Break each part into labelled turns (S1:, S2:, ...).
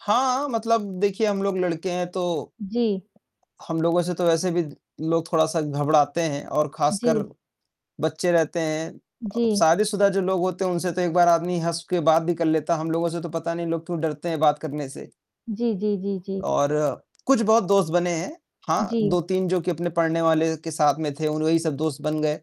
S1: हाँ, मतलब देखिए हम लोग लड़के हैं तो
S2: जी।
S1: हम लोगों से तो वैसे भी लोग थोड़ा-सा घबराते हैं और खासकर
S2: जी।
S1: बच्चे रहते हैं अ,
S2: जी।
S1: शादीशुदा जो लोग होते हैं उनसे तो एक बार आदमी हँस के बात भी कर लेता है, हम लोगों से तो पता नहीं लोग क्यों डरते हैं बात करने से।
S2: जी, जी, जी, जी।
S1: और कुछ बहुत दोस्त बने हैं, हाँ,
S2: जी।
S1: 2-3 जो कि अपने पढ़ने वाले के साथ में थे, वही सब दोस्त बन गए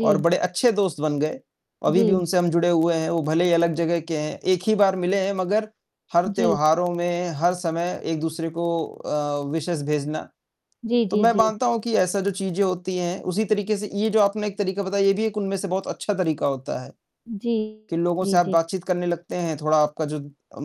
S1: और बड़े अच्छे दोस्त बन गए, अभी भी
S2: जी।
S1: उनसे हम जुड़े हुए हैं, वो भले ही अलग जगह के हैं, 1 ही बार मिले हैं मगर हर
S2: जी।
S1: त्योहारों में, हर समय एक-दूसरे को अ, विशेज़ भेजना।
S2: जी,
S1: तो
S2: जी,
S1: मैं
S2: जी।
S1: मानता हूँ कि ऐसा जो चीज़ें होती हैं उसी तरीके से ये जो आपने एक तरीका बताया ये भी एक उनमें से बहुत अच्छा तरीका होता है,
S2: जी,
S1: कि लोगों से
S2: जी,
S1: आप
S2: जी।
S1: बातचीत करने लगते हैं, थोड़ा आपका जो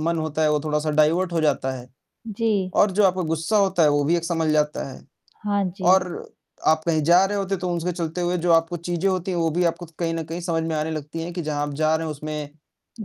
S1: मन होता है वो थोड़ा-सा डाइवर्ट हो जाता है।
S2: जी।
S1: और जो आपका गुस्सा होता है वो भी एक संभल जाता है।
S2: हाँ जी।
S1: और अ, आप कहीं जा रहे होते तो उसके चलते हुए जो आपको चीज़ें होती हैं वो भी आपको कहीं न कहीं समझ में आने लगती हैं कि जहाँ आप जा रहे हैं उसमें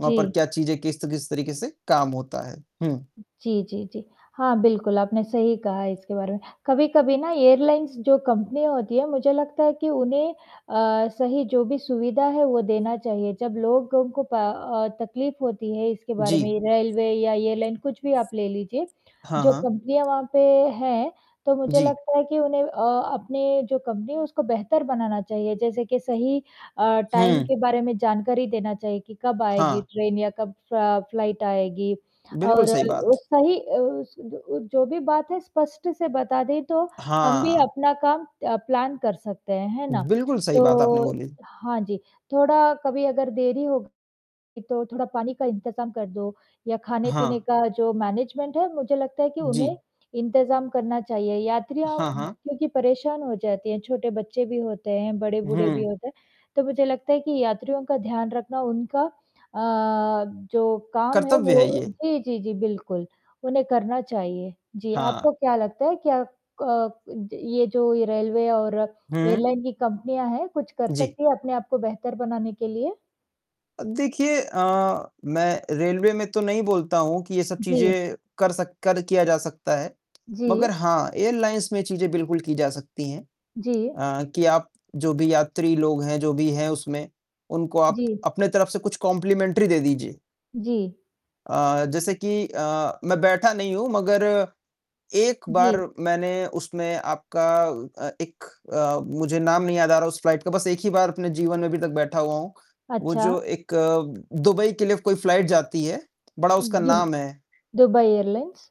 S1: वहाँ पर क्या चीज़ें किस त किस तरीके से काम होता है। हुँ।
S2: जी, जी, जी, हाँ, बिल्कुल, आपने सही कहा इसके बारे में। कभी-कभी ना एयरलाइंस जो कंपनियाँ होती हैं मुझे लगता है कि उन्हें अ, सही जो भी सुविधा है वो देना चाहिए, जब लोगों को प अ, तकलीफ होती है इसके बारे में
S1: जी।
S2: रेलवे या एयरलाइन कुछ भी आप ले लीजिए।
S1: हाँ,
S2: जो
S1: हाँ।
S2: कंपनियाँ वहाँ पे हैं तो मुझे
S1: जी।
S2: लगता है कि उन्हें अ, अपनी जो कंपनी है उसको बेहतर बनाना चाहिए, जैसे कि सही अ, टाइम
S1: हुँ।
S2: के बारे में जानकारी देना चाहिए कि कब आएगी
S1: हाँ।
S2: ट्रेन या कब अ, फ्लाइट आएगी।
S1: बिल्कुल,
S2: और अ,
S1: सही बात।
S2: सही अ, ज जो भी बात है स्पष्ट से बता दे तो, हम भी
S1: हाँ।
S2: अपना काम अ, प्लान कर सकते हैं, है ना?
S1: बिल्कुल, सही बात आपने
S2: तो
S1: बोली।
S2: हाँ जी थोड़ा कभी अगर देरी हो, तो थोड़ा पानी का इंतज़ाम कर दो, या खाने-पीने
S1: हाँ।
S2: का जो मैनेजमेंट है मुझे लगता है कि
S1: जी।
S2: उन्हें इंतज़ाम करना चाहिए, यात्रियाँ
S1: हाँ, हाँ।
S2: क्योंकि परेशान हो जाते हैं छोटे बच्चे भी होते हैं, बड़े-बूढ़े भी
S1: हुँ।
S2: होते हैं, तो मुझे लगता है कि यात्रियों का ध्यान रखना उनका अ, जो काम है
S1: कर्तव्य है
S2: वो
S1: ये।
S2: जी, जी, जी बिल्कुल उन्हें करना चाहिए। जी,
S1: हाँ।
S2: आपको क्या लगता है क्या अ, ये जो रेलवे और
S1: हुँ।
S2: एयरलाइन की कंपनियाँ हैं, कुछ कर
S1: जी।
S2: सकती है अपने आप को बेहतर बनाने के लिए?
S1: अब देखिए अ, मैं रेलवे में तो नहीं बोलता हूँ कि ये सब
S2: जी।
S1: चीज़ें कर सक कर किया जा सकता है।
S2: जी।
S1: मगर हाँ, एयरलाइंस में चीज़ें बिल्कुल की जा सकती हैं
S2: जी।
S1: अ, कि आप जो भी यात्री लोग हैं, जो भी हैं उसमें, उनको आप
S2: जी।
S1: अपनी तरफ से कुछ कॉम्प्लिमेंटरी दे दीजिए।
S2: जी।
S1: अ, जैसे कि अ, मैं बैठा नहीं हूँ मगर एक बार
S2: जी।
S1: मैंने उसमें आपका अ, एक अ, मुझे नाम नहीं याद आ रहा उस फ्लाइट का, बस एक ही बार अपने जीवन में अभी तक बैठा हुआ हूँ, वो
S2: अच्छा।
S1: जो एक दुबई के लिए कोई फ्लाइट जाती है, बड़ा उसका
S2: दुब
S1: नाम है।
S2: Dubai airlines?